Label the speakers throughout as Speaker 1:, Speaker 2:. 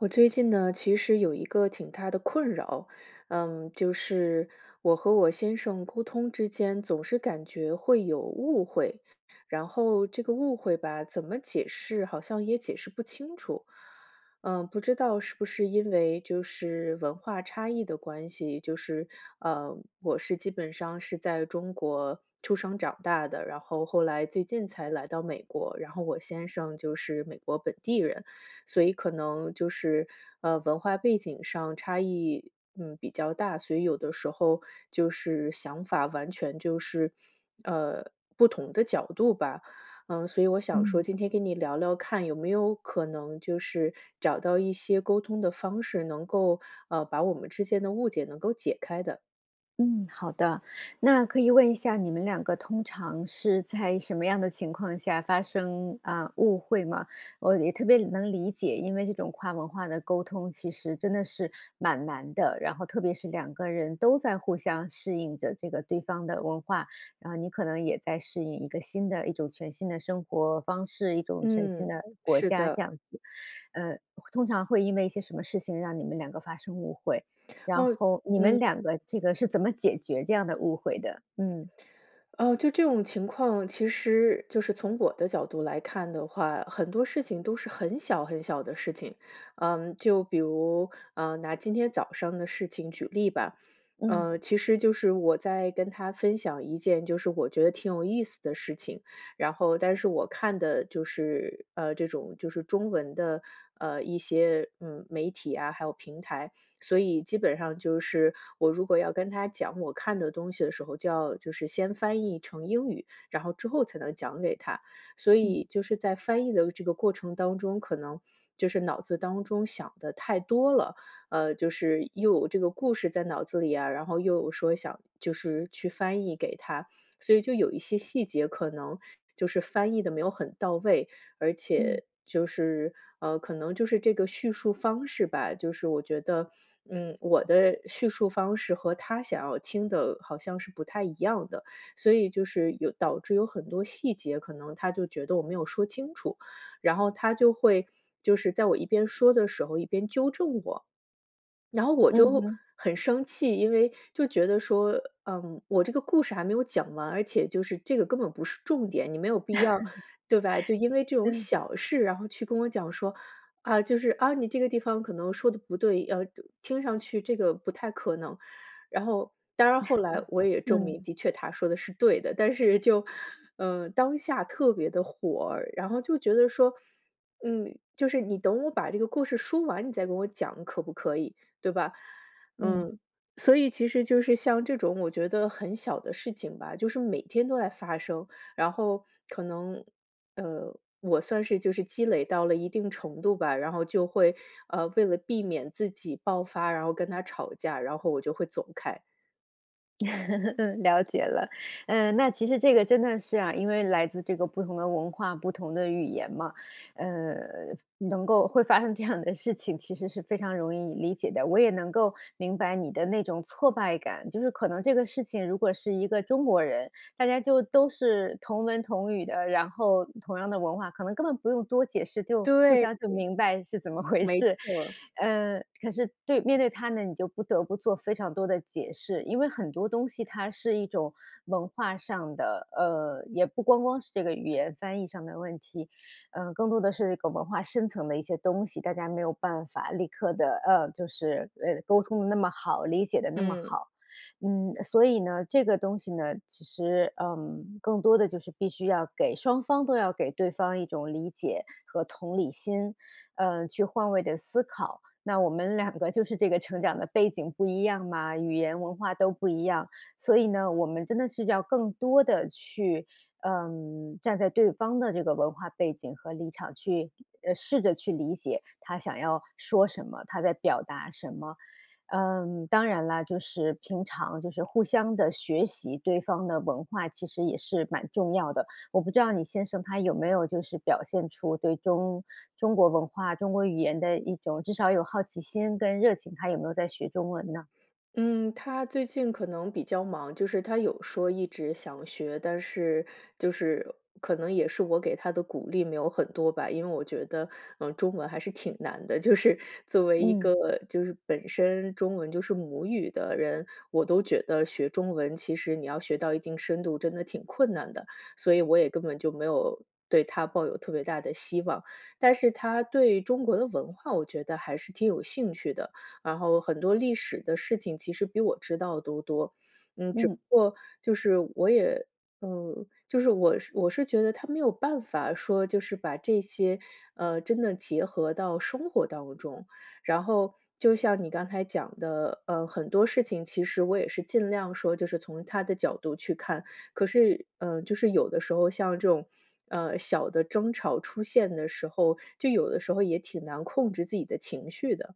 Speaker 1: 我最近呢，其实有一个挺大的困扰。嗯，就是我和我先生沟通之间，总是感觉会有误会，然后这个误会吧，怎么解释好像也解释不清楚。嗯，不知道是不是因为就是文化差异的关系。就是，呃，我是基本上是在中国出生长大的，然后后来最近才来到美国，然后我先生就是美国本地人。所以可能就是，嗯，文化背景上差异，嗯，比较大，所以有的时候，就是想法完全就是，呃，不同的角度吧。嗯，所以我想说
Speaker 2: 嗯。
Speaker 1: 今天跟你聊聊看，有没有可能就是，找到一些沟通的方式，能够，呃，把我们之间的误解能够解开的。
Speaker 2: 嗯，好的。那可以问一下，你们两个通常是在什么样的情况下发生，啊，误会吗？我也特别能理解，因为这种跨文化的沟通，其实真的是蛮难的，然后特别是两个人都在互相适应着，这个对方的文化，然后你可能也在适应一个新的一种全新的生活方式、一种全新
Speaker 1: 嗯，
Speaker 2: 的国
Speaker 1: 是
Speaker 2: 家，这
Speaker 1: 的。
Speaker 2: 样子。呃，通常会因为一些什么事情，让你们两个发生误会，然
Speaker 1: 哦，
Speaker 2: 后你们
Speaker 1: 嗯。
Speaker 2: 两个，这个是怎么解决这样的误会的？嗯。
Speaker 1: 哦，就这种情况，其实就是从我的角度来看的话，很多事情都是很小很小的事情。嗯，就比如，啊，拿今天早上的事情举例吧。
Speaker 2: 嗯。
Speaker 1: 呃，其实就是我在跟他分享一件，就是我觉得挺有意思的事情，然后但是我看的就是，呃，这种就是中文的，呃，一些，嗯，媒体啊，还有平台。所以基本上就是，我如果要跟他讲我看的东西的时候，就要就是先翻译成英语，然后之后才能讲给他。所
Speaker 2: 嗯。
Speaker 1: 以就是在翻译的这个过程当中，可能，就是脑子当中想得太多了，呃，就是又这个故事在脑子里啊，然后又说想，就是去翻译给他，所以就有一些细节，可能就是翻译得没有很到位。而
Speaker 2: 嗯。
Speaker 1: 且，就是，呃，可能就是这个叙述方式吧，就是我觉得，嗯，我的叙述方式和他想要听的，好像是不太一样的。所以就是有导致有很多细节，可能他就觉得我没有说清楚，然后，他就会就是在我一边说的时候一边纠正我。然后我
Speaker 2: 嗯
Speaker 1: 就
Speaker 2: 哼。
Speaker 1: 很生气，因为就觉得说：“嗯，我这个故事还没有讲完，而且就是这个根本不是重点，你没有必要，对吧？就因为 这种
Speaker 2: 嗯。
Speaker 1: 小事，然后去跟我讲说：‘啊，就是，啊，你这个地方可能说得不对，要听上去这个不太可能。’“然后，当然后来我 也证
Speaker 2: 嗯。
Speaker 1: 明，的确他说的是对的。但是就嗯，当下特别地火儿，然后就觉得说：”嗯，就是你等我把这个故事说完，你再给我讲可不可以，对吧？
Speaker 2: 嗯。
Speaker 1: “嗯，所以其实就是像这种我觉得很小的事情吧，就是每天都在发生，然后，可能，呃，我算是就是积累到了一定程度吧，然后就会，呃，为了避免自己爆发，然后跟他吵架，然后我就会走开。
Speaker 2: 嗯。了解了。呃，那其实这个真的是啊因为来自这个不同的文化、不同的语言嘛，呃，能够会发生这样的事情，其实是非常容易理解的。我也能够明白你的那种挫败感。就是可能这个事情如果是一个中国人，大家就都是同文同语的，然后同样的文化，可能根本不用多解释，就互
Speaker 1: 对。
Speaker 2: 相就明白是怎么回
Speaker 1: 没
Speaker 2: 事。
Speaker 1: 错。
Speaker 2: 呃，可是对面对他呢，你就不得不做非常多的解释。因为很多东西它是一种文化上的，呃，也不光光是这个语言翻译上的问题，呃，更多的是一个文化深层的一些东西，大家没有办法立刻地呃，就是，呃，沟通得那么好、理解得那么
Speaker 1: 嗯。
Speaker 2: 好。嗯，所以呢，这个东西呢，其实，呃，更多的就是必须要给双方都要给对方一种理解和同理心，呃，去换位地思考。那我们两个就是这个成长的背景不一样嘛，语言、文化都不一样，所以呢，我们真的是要更多地去呃，站在对方的这个文化背景和立场去呃，试着去理解他想要说什么、他在表达什么。嗯，当然了，就是平常就是互相地学习对方的文化其实也是蛮重要的。我不知道你先生他有没有就是表现出对中中国文化、中国语言的一种至少有的好奇心跟热情？他有没有在学中文呢？
Speaker 1: 嗯，他最近可能比较忙，就是他有说一直想学，但是就是可能也是我给他的鼓励没有很多吧。因为我觉得，嗯，中文还是挺难的，就是作为一
Speaker 2: 嗯。
Speaker 1: 个就是本身中文就是母语的人，我都觉得学中文，其实你要学到一定深度，真的挺困难的。所以我也根本就没有对他抱有特别大的希望。但是他对中国的文化我觉得还是挺有兴趣的，然后很多历史的事情其实比我知道都多。嗯，只
Speaker 2: 嗯。
Speaker 1: 不过就是我也嗯，就是我我是觉得他没有办法说，就是把这些，呃，真的结合到生活当中。然后就像你刚才讲的，呃，很多事情其实我也是尽量说，就是从他的角度去看，可是嗯，就是有的时候像这种，呃，小的争吵出现的时候，就有的时候也挺难控制自己的情绪的。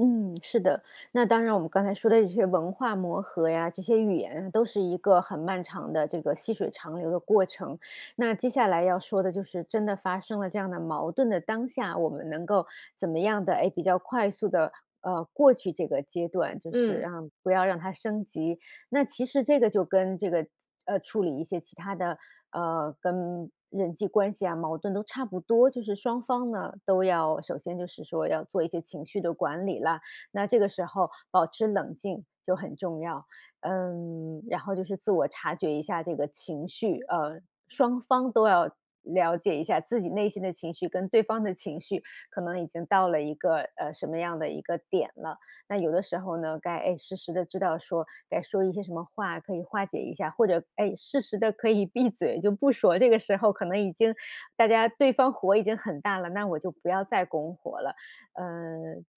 Speaker 2: 嗯，是的，那当然我们刚才说的这些文化磨合呀、这些语言都是一个很漫长的这个细水长流的过程，那接下来要说的就是真的发生了这样的矛盾的当下，我们能够怎么样的诶，比较快速地，呃，过去这个阶段，就是
Speaker 1: 嗯。
Speaker 2: 让不要让它升级。那其实这个就跟这个呃，处理一些其它的呃，跟人际关系啊，矛盾都差不多，就是双方呢，都要首先就是说要做一些情绪的管理啦，那这个时候保持冷静就很重要。嗯，然后就是自我察觉一下这个情绪，呃，双方都要了解一下自己内心的情绪跟对方的情绪可能已经到了一个呃，什么样的一个点了。那有的时候呢，该哎，时时地知道说该说一些什么话可以化解一下，或者哎，适时地可以闭嘴，就不说，这个时候可能已经大家对方火已经很大了，那我就不要再拱火了。呃，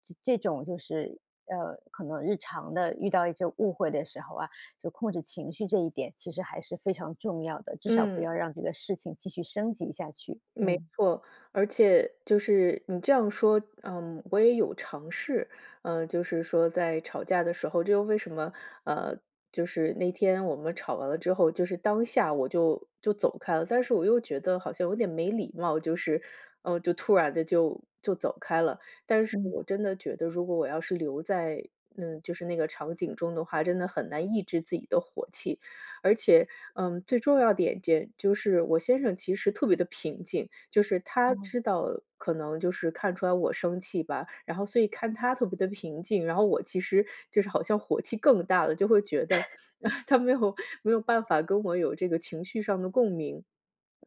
Speaker 2: 这这种就是呃，可能日常地遇到一些误会的时候啊，就控制情绪这一点其实还是非常重要的，至少不
Speaker 1: 嗯。
Speaker 2: 要让这个事情继续升级下去，
Speaker 1: 没
Speaker 2: 嗯。
Speaker 1: 错，而且就是你这样说嗯，我也有尝试。嗯，就是说在吵架的时候这又为什么，啊，就是那天我们吵完了之后，就是当下我就就走开了，但是我又觉得好像有点没礼貌，就是嗯，就突然地就就走开了，但是
Speaker 2: 嗯。
Speaker 1: 我真的觉得如果我要是留在，嗯，就是那个场景中的话，真的很难抑制自己的火气。而且嗯，最重要的一点间就是我先生其实特别地平静，就是他
Speaker 2: 哦。
Speaker 1: 知道可能就是看出来我生气吧，然后所以看他特别地平静，然后我其实就是好像火气更大了，就会觉得
Speaker 2: 嗯。
Speaker 1: 他没有没有办法跟我有这个情绪上的共鸣。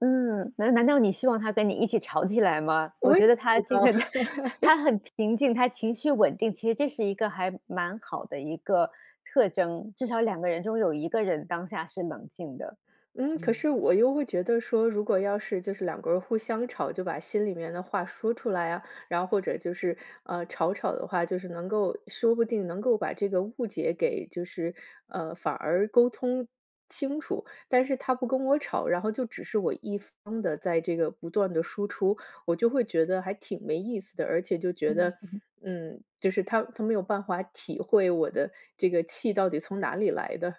Speaker 2: 嗯，难难道你希望他跟你一起吵起来吗？我
Speaker 1: 我也
Speaker 2: 觉得他
Speaker 1: 知
Speaker 2: 这
Speaker 1: 道，
Speaker 2: 个
Speaker 1: 对。
Speaker 2: 他很平静，他情绪稳定，其实这是一个还蛮好的一个特征，至少两个人中有一个人当下是冷静的。
Speaker 1: 嗯，可
Speaker 2: 嗯。
Speaker 1: 是我又会觉得说，如果要是就是两个人互相吵，就把心里面的话说出来啊，然后或者就是，呃，吵吵的话，就是能够说不定能够把这个误解给就是呃，反而沟通清楚。但是他不跟我吵，然后就只是我一方地在这个不断地输出，我就会觉得还挺没意思的。而且就觉
Speaker 2: 嗯
Speaker 1: 得
Speaker 2: 哼。
Speaker 1: 嗯，就是他他没有办法体会我的这个气到底从哪里来的。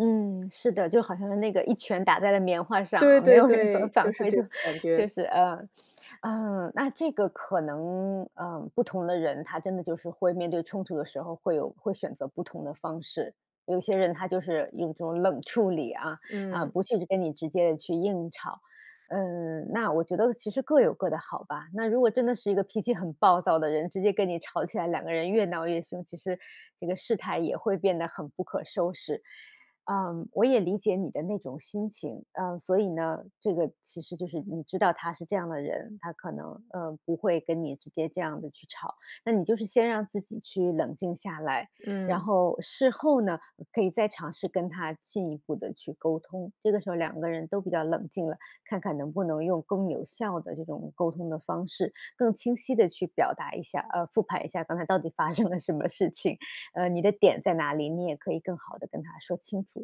Speaker 2: 嗯，是的，就好像是那个一拳打在了棉花上啊，
Speaker 1: 对
Speaker 2: 没
Speaker 1: 对
Speaker 2: 有任何
Speaker 1: 对，
Speaker 2: 反
Speaker 1: 就是
Speaker 2: 馈。
Speaker 1: 这
Speaker 2: 就
Speaker 1: 种感
Speaker 2: 就
Speaker 1: 觉。
Speaker 2: 是呃，呃，那这个可能呃，不同的人，他真的就是会面对冲突的时候，会有会选择不同的方式。有些人他就是用这种冷处理啊，啊，
Speaker 1: 嗯。
Speaker 2: 不去跟你直接去硬吵。嗯，那我觉得其实各有各的好吧，那如果真的是一个脾气很暴躁的人，直接跟你吵起来，两个人越闹越凶，其实这个事态也会变得很不可收拾。呃，我也理解你的那种心情，呃，所以呢，这个其实就是你知道他是这样的人，他可能，嗯，不会跟你直接这样地去吵。那你就是先让自己去冷静下来，然
Speaker 1: 嗯。
Speaker 2: 后事后呢，可以再尝试跟他进一步地去沟通，这个时候两个人都比较冷静了，看看能不能用更有效的这种沟通的方式，更清晰地去表达一下呃，复盘一下刚才到底发生了什么事情，呃，你的点在哪里，你也可以更好地跟他说清楚，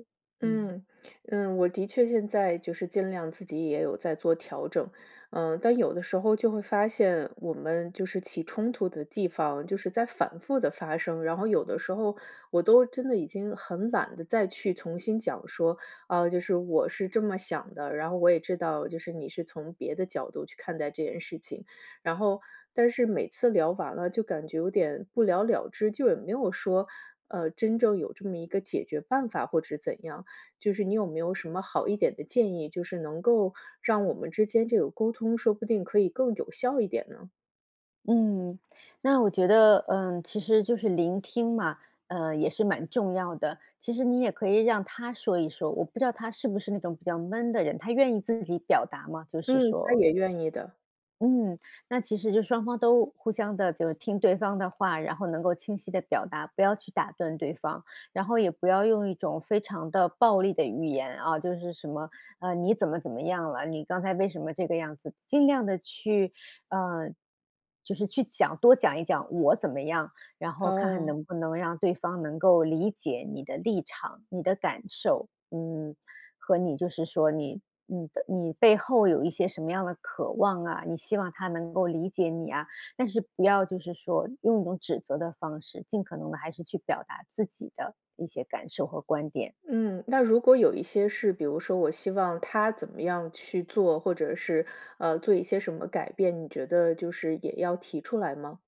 Speaker 2: 嗯。
Speaker 1: 嗯，嗯，我的确现在，就是尽量自己也有在做调整。嗯，但有的时候就会发现我们，就是起冲突的地方，就是在反复地发生，然后有的时候我都真的已经很懒得再去重新讲说，啊，就是我是这么想的，然后我也知道就是你是从别的角度去看待这件事情。然后但是每次聊完了就感觉有点不了了之，就也没有说，呃，真正有这么一个解决办法或者怎样。就是你有没有什么好一点的建议，就是能够让我们之间这个沟通，说不定可以更有效一点呢。
Speaker 2: 嗯，那我觉得，呃，其实就是聆听嘛，呃，也是蛮重要的。其实你也可以让他说一说，我不知道他是不是那种比较闷的人，他愿意自己表达吗？就是
Speaker 1: 嗯，他
Speaker 2: 说
Speaker 1: 也愿意的。
Speaker 2: 嗯，那其实就双方都互相的就是听对方的话，然后能够清晰地表达，不要去打断对方。然后也不要用一种非常的暴力的语言，啊，就是什么，呃，“你怎么怎么样了，你刚才为什么这个样子？”尽量的去呃，就是去讲多讲一讲我怎么样，然后看看
Speaker 1: 哦。
Speaker 2: 能不能让对方能够理解你的立场、你的感受。嗯，和你就是说你你的你背后有一些什么样的渴望啊，你希望他能够理解你啊，但是不要就是说用一种指责的方式。尽可能的还是去表达自己的一些感受和观点。
Speaker 1: 嗯，那如果有一些事比如说我希望他怎么样去做，或者是，呃，做一些什么改变，你觉得就是也要提出来吗？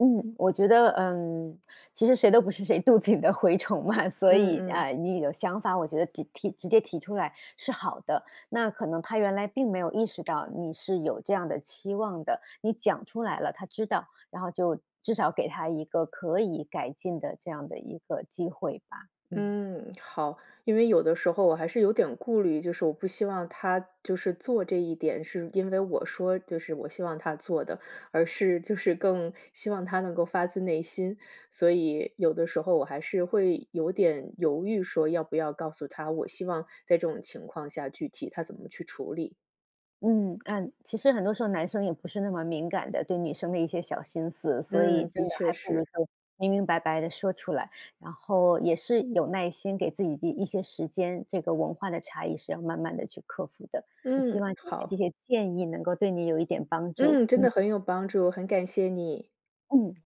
Speaker 2: 嗯，我觉得嗯，其实谁都不是谁肚子里的蛔虫嘛，所
Speaker 1: 嗯
Speaker 2: 以
Speaker 1: 嗯。
Speaker 2: 哎，你的想法我觉得地提直接提出来是好的。那可能他原来并没有意识到你是有这样的期望的，你讲出来了，他知道，然后就至少给他一个可以改进的这样的一个机会吧，嗯。
Speaker 1: 嗯，好。因为有的时候我还是有点顾虑，就是我不希望他就是做这一点是因为我说就是我希望他做的，而是就是更希望他能够发自内心，所以有的时候我还是会有点犹豫说要不要告诉他，我希望在这种情况下，具体他怎么去处理。
Speaker 2: 嗯，嗯，其实很多时候男生也不是那么敏感的，对女生的一些小心思。所以
Speaker 1: 嗯，
Speaker 2: 真
Speaker 1: 的
Speaker 2: 的
Speaker 1: 确
Speaker 2: 还不如
Speaker 1: 是。
Speaker 2: 就明明白白地说出来，然后也是有耐心，给自己一一些时间，这个文化的差异是要慢慢地去克服的，也希
Speaker 1: 嗯，
Speaker 2: 望今天
Speaker 1: 好。
Speaker 2: 这些建议能够对你有一点帮助，
Speaker 1: 嗯，真
Speaker 2: 嗯。
Speaker 1: 的很有帮助，很感谢你。
Speaker 2: 嗯。